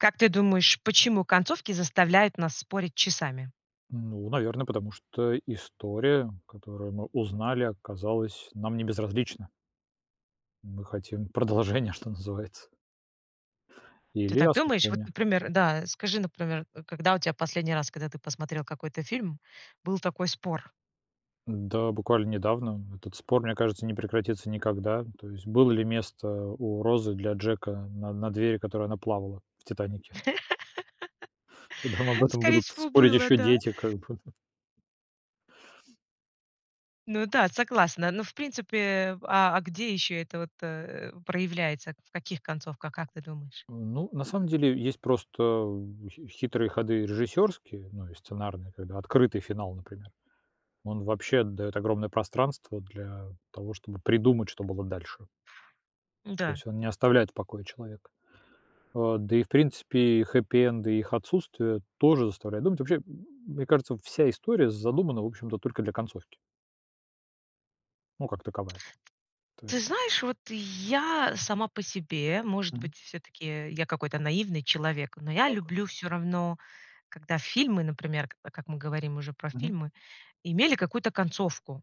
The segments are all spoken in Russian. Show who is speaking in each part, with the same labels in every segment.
Speaker 1: Как ты думаешь, почему концовки заставляют нас спорить часами?
Speaker 2: Ну, наверное, потому что история, которую мы узнали, оказалась нам не безразлична. Мы хотим продолжения, что называется.
Speaker 1: Ты
Speaker 2: Или
Speaker 1: так думаешь? Вот,
Speaker 2: осмысления.
Speaker 1: например, да, скажи, например, когда у тебя последний раз, когда ты посмотрел какой-то фильм, был такой спор?
Speaker 2: Да, буквально недавно этот спор, мне кажется, не прекратится никогда. То есть было ли место у Розы для Джека на на двери, на которой она плавала в "Титанике"? Нам об этом
Speaker 1: Скорее
Speaker 2: будут
Speaker 1: всего,
Speaker 2: спорить
Speaker 1: было,
Speaker 2: еще
Speaker 1: да.
Speaker 2: дети, как бы, д
Speaker 1: Ну да, согласна, но, в принципе, а, а где ещё это вот, э, проявляется, в каких концовках, как ты думаешь?
Speaker 2: Ну, на самом деле есть просто хи хитрые ходы режиссёрские, ну, и сценарные. Когда открытый финал, например. Он вообще даёт огромное пространство для того, чтобы придумать, что было дальше. То
Speaker 1: Да.
Speaker 2: есть он не оставляет в покое человека. А, да и, в принципе, и хеппи-энды, и их отсутствие тоже заставляют думать. Вообще, мне кажется, вся история задумана, в общем-то, только для концовки. Ну, как таковая. То е
Speaker 1: Ты знаешь, вот я сама по себе, может
Speaker 2: Мгм.
Speaker 1: быть, всё-таки я какой-то наивный человек, но я
Speaker 2: Так.
Speaker 1: люблю всё равно, когда фильмы, например, к а, как мы говорим уже про
Speaker 2: Мгм.
Speaker 1: фильмы, имели какую-то концовку,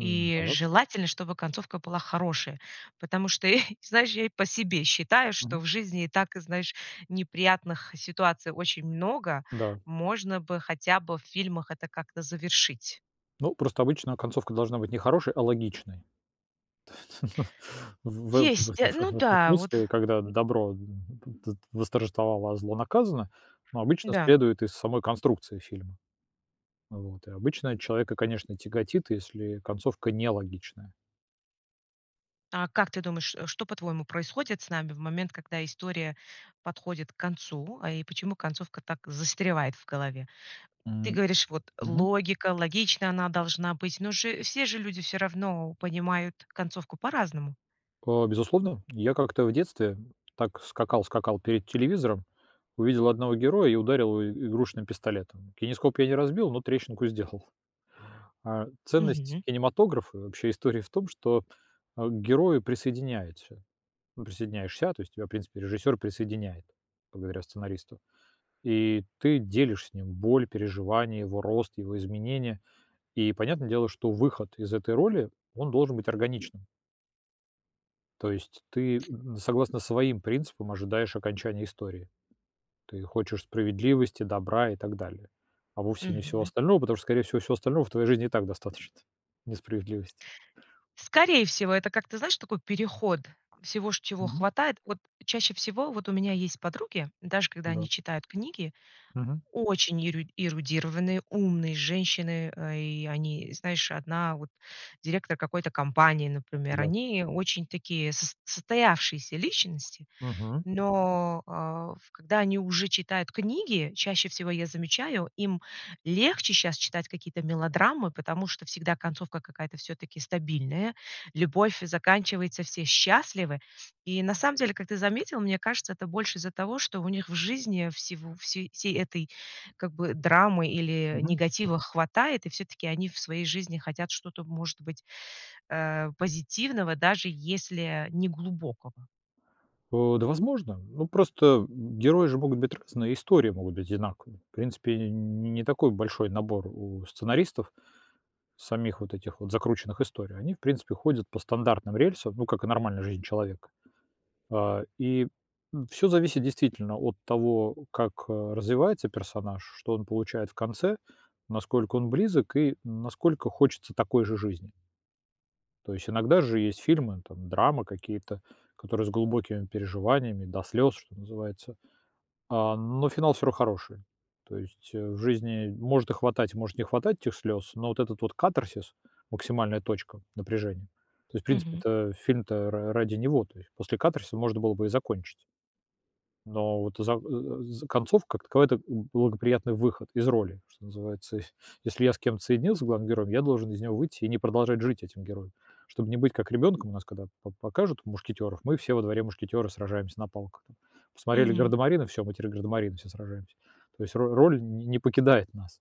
Speaker 1: и желательно, чтобы концовка была хорошая, потому что, знаешь, я по себе считаю, что
Speaker 2: Мгм.
Speaker 1: в жизни и так, знаешь, неприятных ситуаций очень много,
Speaker 2: Да.
Speaker 1: можно бы хотя бы в фильмах это как-то завершить.
Speaker 2: Ну, просто обычно концовка должна быть не хорошей, а логичной. В в в
Speaker 1: Есть. Ну
Speaker 2: в
Speaker 1: да, вот.
Speaker 2: смысле, когда
Speaker 1: М
Speaker 2: добро в в дс восторжествовало, а зло наказано, ну, обычно
Speaker 1: Да.
Speaker 2: следует из самой конструкции фильма. Вот. И обычно человека, конечно, тяготит, если концовка нелогичная.
Speaker 1: А, как ты думаешь, что, по-твоему, происходит с нами в момент, когда история подходит к концу, а, и почему концовка так застревает в голове? Ты
Speaker 2: М,
Speaker 1: говоришь, вот,
Speaker 2: мгм.
Speaker 1: логика, логичная она должна быть, но же все же люди всё равно понимают концовку по-разному.
Speaker 2: А, безусловно. Я как-то в детстве так скакал скакал перед телевизором, увидел одного героя и ударил его игрушечным пистолетом. Кинескоп я не разбил, но трещинку сделал. А, ценность
Speaker 1: Мгм.
Speaker 2: кинематографа, вообще, истории в том, что к герою присоединяется присоединяешься, то есть тебя, в принципе, режиссер присоединяет, благодаря сценаристу, и ты делишь с ним боль, переживания, его рост, его изменения, и, понятное дело, что выход из этой роли, он должен быть органичным. То есть ты, м, согласно своим принципам, ожидаешь окончания истории. Ты хочешь справедливости, добра и так далее, а вовсе не всего
Speaker 1: Мгм.
Speaker 2: остального, потому что, скорее всего, всего остального в твоей жизни и так достаточно, несправедливости.
Speaker 1: Скорее всего, это как-то, знаешь, такой переход всего, c чего
Speaker 2: Мгм.
Speaker 1: хватает. Вот чаще всего вот у меня есть подруги, даже когда они
Speaker 2: Да.
Speaker 1: читают книги,
Speaker 2: Мгм.
Speaker 1: очень е эрудированные, умные женщины, и они, знаешь, одна вот директор какой-то компании, например.
Speaker 2: Да.
Speaker 1: Они очень такие сос состоявшиеся личности,
Speaker 2: Мгм.
Speaker 1: но, а, ф когда они уже читают книги, чаще всего я замечаю, им легче сейчас читать какие-то мелодрамы, потому что всегда концовка какая-то всё-таки стабильная, любовь заканчивается, все счастливы. И на самом деле, как ты заметил, мне кажется, это больше из-за того, что у них в жизни всего всей всей этой, как бы, драмы или
Speaker 2: Мгм.
Speaker 1: негатива хватает, и всё-таки они в своей жизни хотят что-то, может быть, э, позитивного, даже если не глубокого.
Speaker 2: Э, да, возможно. Ну, просто герои же могут быть разные, истории могут быть одинаковые. В принципе, не такой большой набор у сценаристов, самих вот этих вот закрученных историй. Они, в принципе, ходят по стандартным рельсам, ну, как и нормальная жизнь человека, а, и, м, всё зависит действительно от того, как, э, развивается персонаж, что он получает в конце, насколько он близок и насколько хочется такой же жизни. То есть иногда же есть фильмы, там драма какие-то, которые с глубокими переживаниями, до слёз, что называется, а, но финал всё равно хороший. То есть, э, в жизни может и хватать, может не хватать этих слёз, но вот этот вот катарсис, максимальная точка напряжения, то есть, в
Speaker 1: Мгм.
Speaker 2: принципе-то, фильм-то ра ради него, то есть после катарсиса можно было бы и закончить. Но вот за, э, за концовка, как таковая- это благоприятный выход из роли, что называется. Если я с кем-то соединюсь, с главным героем, я должен из него выйти и не продолжать жить этим героем, чтобы не быть как ребёнком. У нас, когда по покажут "Мушкетёров", мы все во дворе- мушкетёры, сражаемся на палках там. Посмотрели
Speaker 1: Мгм.
Speaker 2: "Гардамарины", всё, мы теперь гардамарины, все сражаемся. То есть ро роль не покидает нас.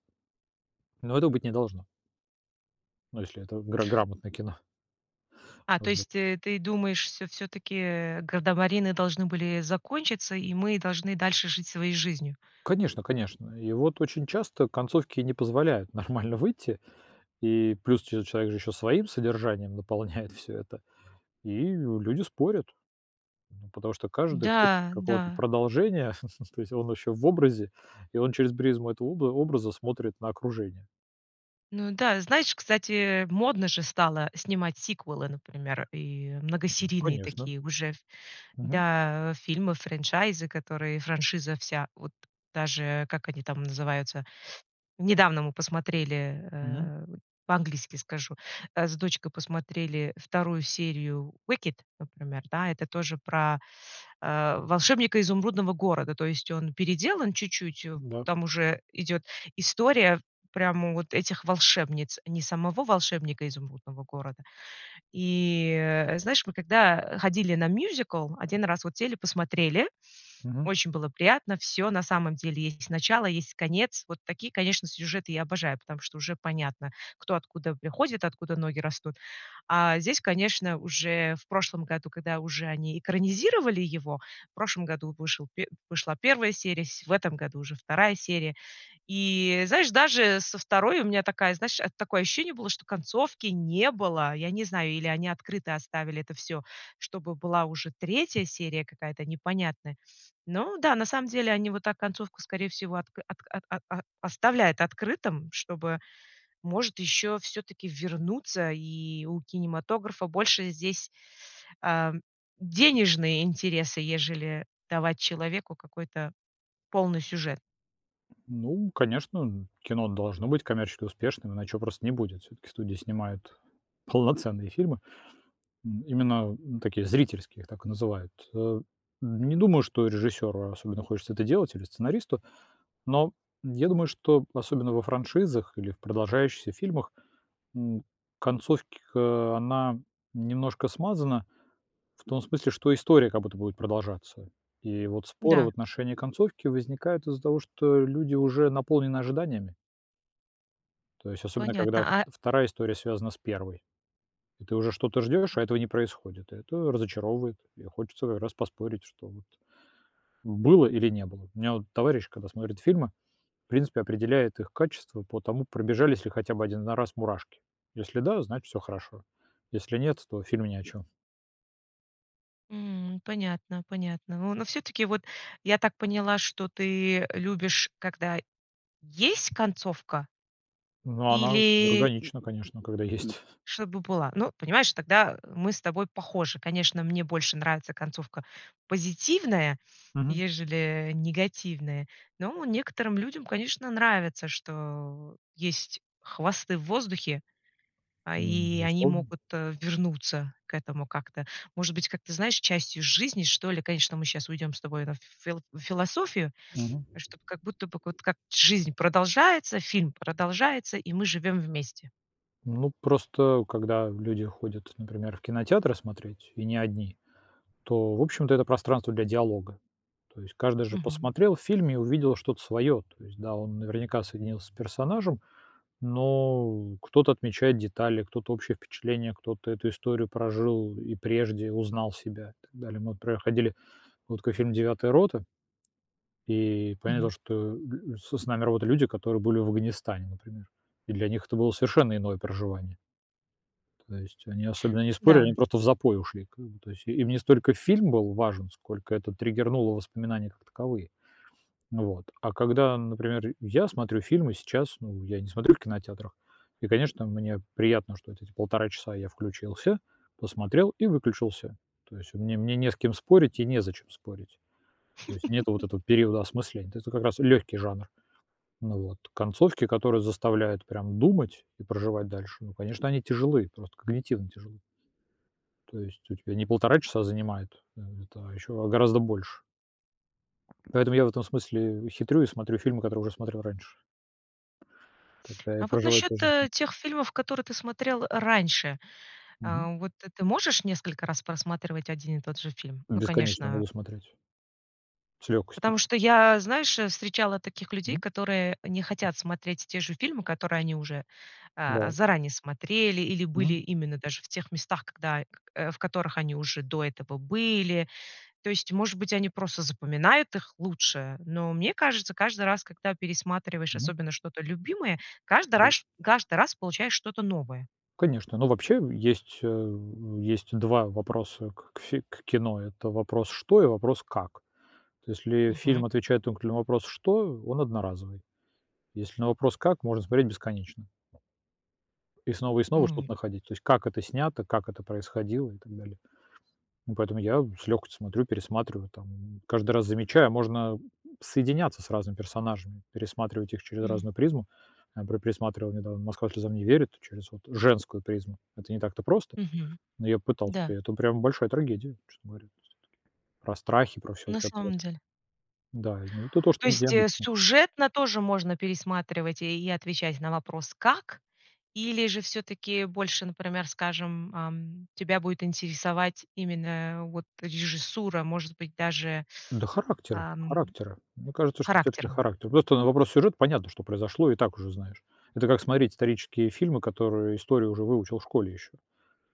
Speaker 2: Но этого быть не должно. Ну, если это гра грамотное кино.
Speaker 1: А, то есть,
Speaker 2: Вот.
Speaker 1: э, ты думаешь, что всё-таки "Градомарины" должны были закончиться, и мы должны дальше жить своей жизнью?
Speaker 2: Конечно, конечно. И вот очень часто концовки не позволяют нормально выйти, и плюс че человек же ещё своим содержанием наполняет всё это, и люди спорят, ну потому что каждый хочет
Speaker 1: Да,
Speaker 2: какого-то
Speaker 1: да.
Speaker 2: продолжения, то есть он ещё в образе, и он через призму этого об образа смотрит на окружение.
Speaker 1: Ну да, знаешь, кстати, модно же стало снимать сиквелы, например, и многосерийные
Speaker 2: Конечно.
Speaker 1: такие уже, ф
Speaker 2: Мгм.
Speaker 1: да, фильмов, франчайзы, которые франшиза вся вот даже как они там называются, недавно мы посмотрели,
Speaker 2: Мгм.
Speaker 1: э, по-английски скажу, а, с дочкой посмотрели 2 серию Wicked, например. Да, это тоже про, э, "Волшебника Изумрудного города", то есть он переделан чуть-чуть, э,
Speaker 2: Да.
Speaker 1: там уже идёт история прямо вот этих волшебниц, не самого "Волшебника Изумрудного города". И, э, знаешь, мы когда ходили на мюзикл, 1 раз вот сели, посмотрели.
Speaker 2: Мгм.
Speaker 1: Очень было приятно, всё на самом деле. Есть начало, есть конец. Вот такие, конечно, сюжеты я обожаю, потому что уже понятно, кто откуда приходит, откуда ноги растут. А здесь, конечно, уже в прошлом году, когда уже они экранизировали его, в прошлом году вышел, вышла 1 серия, сь в этом году уже 2 серия. И знаешь, даже со второй у меня такая, знаешь, такое ощущение было, что концовки не было. Я не знаю, или они открытой оставили это всё, чтобы была уже 3 серия какая-то непонятная. Ну да, на самом деле, они вот так концовку, скорее всего, отк от а а оставляют открытым, чтобы, может, ещё всё-таки вернуться, и у кинематографа больше здесь, ам, денежные интересы, ежели давать человеку какой-то полный сюжет.
Speaker 2: Ну, конечно, м, кино должно быть коммерчески успешным, иначе его просто не будет. Всё-таки студия снимает полноценные фильмы. М, именно, м, такие зрительские, их так и называют, э, не думаю, что режиссёру особенно хочется это делать или сценаристу, но я думаю, что особенно во франшизах или в продолжающихся фильмах, м, концовка, она немножко смазана в том смысле, что история как будто будет продолжаться. И вот споры в
Speaker 1: Да.
Speaker 2: отношении концовки возникают из-за того, что люди уже наполнены ожиданиями. То есть, особенно когда
Speaker 1: Понятно, а
Speaker 2: 2 история связана с 1. Ты уже что-то ждёшь, а
Speaker 1: М
Speaker 2: этого не происходит, это разочаровывает. И хочется раз поспорить, что вот было, или не было. У меня вот товарищ, когда смотрит фильмы, в принципе, определяет их качество по тому, пробежались ли хотя бы 1 на раз мурашки. Если да, значит, всё хорошо. Если нет, то фильм ни о чем.
Speaker 1: М, понятно понятно. Во но всё-таки, вот, я так поняла, что ты любишь, когда есть концовка
Speaker 2: Ну, она
Speaker 1: или
Speaker 2: органична, конечно, когда есть.
Speaker 1: чтобы была, ну, понимаешь, тогда, э, мы с тобой похожи. Конечно, мне больше нравится концовка позитивная,
Speaker 2: Мгм.
Speaker 1: ежели негативная, но некоторым людям, конечно, нравится, что есть хвосты в воздухе, а,
Speaker 2: Ну,
Speaker 1: и они
Speaker 2: безусловно.
Speaker 1: могут вернуться к этому как-то, может быть, как-то, знаешь, частью жизни, что ли. Конечно, мы щас уйдем с тобой на фил в философию,
Speaker 2: Мгм.
Speaker 1: чтоб, как будто бы, к вот как жизнь продолжается, фильм продолжается, и мы живём вместе.
Speaker 2: Ну, просто когда люди ходят, например, в кинотеатры смотреть, и не одни, то, в общем-то, это пространство для диалога. То есть каждый же
Speaker 1: Мгм.
Speaker 2: посмотрел в фильме и увидел что-то своё, то есть, да, он наверняка соединился с персонажем, но кто-то отмечает детали, кто-то общее впечатление, кто-то эту историю прожил и прежде, узнал себя и так далее. Мы проходили вот ка фильм "Девятая рота" И понятно,
Speaker 1: Мгм.
Speaker 2: что н с с нами работали люди, которые были в Афганистане, например, и для них это было совершенно иное проживание. То есть они особенно не спорили, они
Speaker 1: Да.
Speaker 2: просто в запой ушли, как бы, то есть и им не столько фильм был важен, сколько это триггернуло воспоминания как таковые. Вот. А когда, например, я смотрю фильмы сейчас, ну, я не смотрю в кинотеатрах, и, конечно, мне приятно, что эти 1,5 часа я включился, посмотрел и выключился, то есть мне мне не с кем спорить и незачем спорить, то есть нет вот этого периода осмысления, то есть это как раз лёгкий жанр. Вот. Концовки, которые заставляют прям думать и проживать дальше, ну, конечно, они тяжелы, просто когнитивно тяжелы. То есть у тебя не 1,5 часа занимает это, а ещё гораздо больше. Поэтому я в этом смысле хитрю и смотрю фильмы, которые уже смотрел раньше. Тогда я
Speaker 1: А вот
Speaker 2: проживаю
Speaker 1: насчёт,
Speaker 2: тоже. [unintelligible]
Speaker 1: э, тех фильмов, которые ты смотрел раньше,
Speaker 2: Мгм.
Speaker 1: э, вот т ты можешь несколько раз просматривать один и тот же фильм? Ну,
Speaker 2: Бесконечно
Speaker 1: конечно
Speaker 2: могу смотреть. С лёгкостью.
Speaker 1: Потому что я, знаешь, э, встречала таких людей,
Speaker 2: Мгм.
Speaker 1: которые не хотят смотреть те же фильмы, которые они уже, э,
Speaker 2: Да.
Speaker 1: заранее смотрели или были
Speaker 2: Мгм.
Speaker 1: именно даже в тех местах, когда к в которых они уже до этого были. То есть, может быть, они просто запоминают их лучше, но мне кажется, каждый раз, когда пересматриваешь
Speaker 2: Мгм.
Speaker 1: особенно что-то любимое, каждый
Speaker 2: Да.
Speaker 1: раж каждый раз получаешь что-то новое.
Speaker 2: Конечно, но вообще есть, э, есть 2 вопроса к фи к кино- это вопрос: "Что?" И вопрос: "Как?". То, если
Speaker 1: Мгм.
Speaker 2: фильм отвечает только на вопрос: "Что?"- он одноразовый. Если на вопрос: "Как?"- можно смотреть бесконечно. И снова, и снова
Speaker 1: М.
Speaker 2: что-то находить, то есть как это снято, как это происходило и так далее. Ну, поэтому я с лёгкостью смотрю, пересматриваю там, каждый раз замечая, можно, м, соединяться с разными персонажами, пересматривать их через
Speaker 1: М.
Speaker 2: разную призму. Я пре пересматривал недавно "Москва слезам не верит" через вот женскую призму. Это не так-то просто,
Speaker 1: Мгм.
Speaker 2: но я пытался.
Speaker 1: Да.
Speaker 2: Это, прямо, большая трагедия, честно говоря .Про страхи, про всё вот
Speaker 1: На
Speaker 2: это вот.
Speaker 1: самом деле.
Speaker 2: Да, ну это то,
Speaker 1: То
Speaker 2: что где
Speaker 1: есть, э,
Speaker 2: обычно
Speaker 1: сюжетно тоже можно пересматривать и и отвечать на вопрос: "Как?" Или же всё-таки больше, например, скажем, эм, тебя будет интересовать именно, вот, режиссура, может быть даже,
Speaker 2: Да характера,
Speaker 1: эм,
Speaker 2: характера. Мне кажется, что всё-таки
Speaker 1: характером.
Speaker 2: характер. Просто на вопрос сюжета понятно, что произошло, и так уже знаешь. Это как смотреть исторические фильмы, которые истории уже выучил в школе ещё.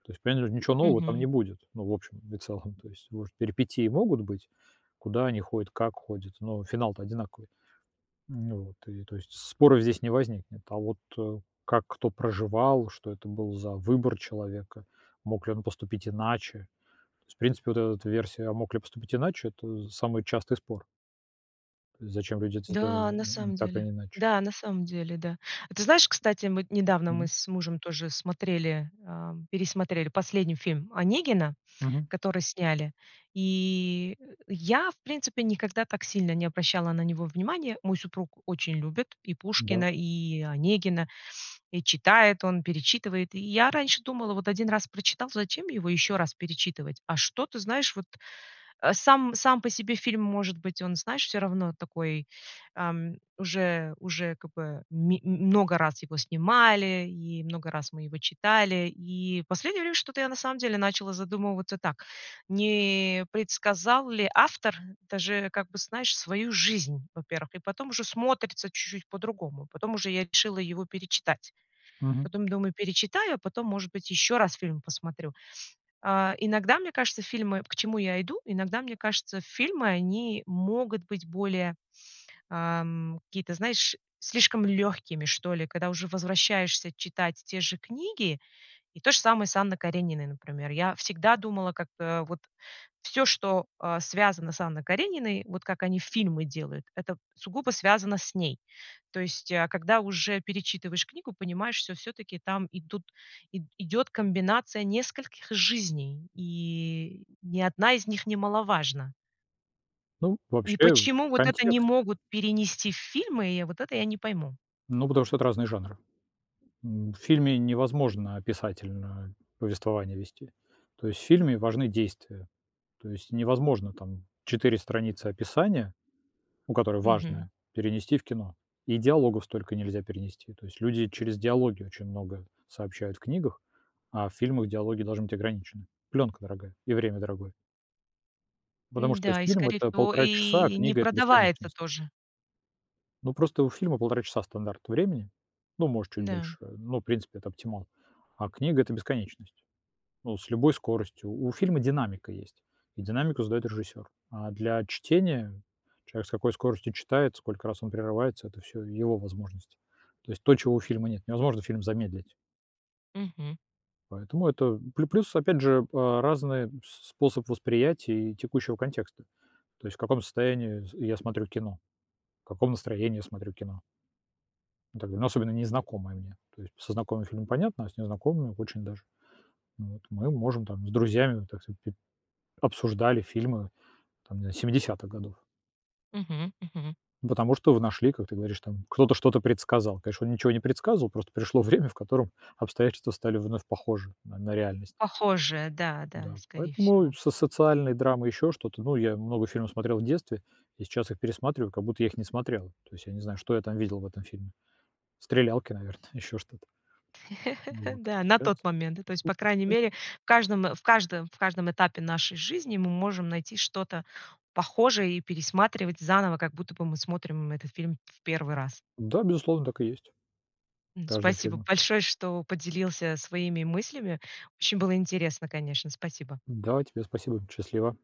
Speaker 2: То есть, понятно, ничего нового там не
Speaker 1: Мгм.
Speaker 2: будет, ну, в общем и целом. То есть, может, перипетии могут быть, куда они ходят, как ходят, но финал-то одинаковый. Ну вот. И, то есть, споров здесь не возникнет. А вот как кто проживал, что это был за выбор человека, мог ли он поступить иначе? То есть, в принципе, вот эта вот версия "А мог ли поступить иначе?"- это самый частый спор. Зачем люди это сделали,
Speaker 1: Да, на
Speaker 2: м,
Speaker 1: самом
Speaker 2: н так
Speaker 1: деле.
Speaker 2: или иначе.
Speaker 1: Да, на самом деле, да. А ты знаешь, кстати, мы недавно, мы
Speaker 2: Мгм.
Speaker 1: с мужем тоже смотрели, э, пересмотрели последний фильм "Онегина",
Speaker 2: Мгм.
Speaker 1: который сняли, и, э, я, в принципе, никогда так сильно не обращала на него внимания. Мой супруг очень любит и
Speaker 2: Да.
Speaker 1: Пушкина, и Онегина, и читает он, перечитывает. И я раньше думала: "Вот 1 раз прочитал, зачем его ещё раз перечитывать?" А что ты знаешь, вот, э, сам сам по себе фильм, может быть, он, знаешь, всё равно такой, эм, уже уже как бы ми много раз его снимали, и много раз мы его читали, и последнее время что-то я на самом деле начала задумываться так, не предсказал ли автор даже, как бы, знаешь, свою жизнь, во-первых, и потом уже смотрится чуть-чуть по-другому. Потом уже я решила его перечитать.
Speaker 2: Мгм.
Speaker 1: Потом думаю: "Перечитаю, а потом, может быть, ещё раз фильм посмотрю". Э, иногда, мне кажется, фильмы к чему я иду, иногда, мне кажется, фильмы, они могут быть более, эм, какие-то, знаешь, слишком лёгкими, что ли, когда уже возвращаешься читать те же книги. И то же самое с Анной Карениной, например. Я всегда думала, как-то вот всё, что, э, связано с Анной Карениной, вот как они фильмы делают, это сугубо связано с ней. То есть, а когда уже перечитываешь книгу, понимаешь, что всё-таки там идут, и идёт комбинация нескольких жизней, и ни одна из них немаловажна.
Speaker 2: Ну,
Speaker 1: И
Speaker 2: вообще,
Speaker 1: почему вот это
Speaker 2: контекста.
Speaker 1: не могут перенести в фильмы, и вот это я не пойму.
Speaker 2: Ну, потому что это разные жанры. М, в фильме невозможно описательно повествование вести. То есть в фильме важны действия. То есть невозможно там 4 страницы описания, ну, которое
Speaker 1: Мгм.
Speaker 2: важное, перенести в кино, и диалогов столько нельзя перенести, то есть люди через диалоги очень много сообщают в книгах, а в фильмах диалоги должны быть ограничены. Плёнка дорогая и время дорогое. Потому что
Speaker 1: Н-да, и,
Speaker 2: фильм-
Speaker 1: скорее
Speaker 2: это
Speaker 1: всего,
Speaker 2: 1,5 часа, а
Speaker 1: и не
Speaker 2: книга- это
Speaker 1: продается
Speaker 2: бесконечность.
Speaker 1: тоже.
Speaker 2: Ну, просто у фильма 1,5 часа- стандарт времени, ну, может, чуть
Speaker 1: Да.
Speaker 2: больше, ну, в принципе, это оптимал, а книга- это бесконечность, ну, с любой скоростью. У фильма динамика есть, и динамику задаёт режиссёр, а для чтения человек с какой скоростью читает, сколько раз он прерывается- это всё его возможности. То есть то, чего у фильма нет,- невозможно фильм замедлить
Speaker 1: Мгм.
Speaker 2: Поэтому это плю плюс, опять же, а, разный с способ восприятия и текущего контекста, то есть в каком состоянии с я смотрю кино, в каком настроении смотрю кино. Тогда особенно незнакомое мне, то есть со знакомыми фильмами понятно, а с незнакомыми очень даже вот. Мы можем там с друзьями, так сказать, пи обсуждали фильмы там нез 70 годов.
Speaker 1: Мгм, мгм.
Speaker 2: Ну, потому что вы нашли, как ты говоришь, там кто-то что-то предсказал. Конечно, он ничего не предсказывал, просто пришло время, в котором обстоятельства стали вновь похожи на на реальность.
Speaker 1: Похожая, да, да,
Speaker 2: Да,
Speaker 1: скорее
Speaker 2: поэтому и
Speaker 1: всего.
Speaker 2: в с социальной драмой ещё что-то, ну, я много фильмов смотрел в детстве и сейчас их пересматриваю, как будто я их не смотрел. То есть я не знаю, что я там видел в этом фильме. Стрелялки, наверное, ещё что-то. Ну вот
Speaker 1: Да, на
Speaker 2: спец.
Speaker 1: тот момент. Ну, то есть, по крайней мере, в каждом в каждом в каждом этапе нашей жизни мы можем найти что-то похожее и пересматривать заново, как будто бы мы смотрим этот фильм в 1 раз.
Speaker 2: Да, безусловно, так и есть.
Speaker 1: Ну,
Speaker 2: Каждом
Speaker 1: спасибо
Speaker 2: фильма.
Speaker 1: большое, что поделился своими мыслями. Очень было интересно, конечно. Спасибо.
Speaker 2: Да и тебе спасибо, счастлива.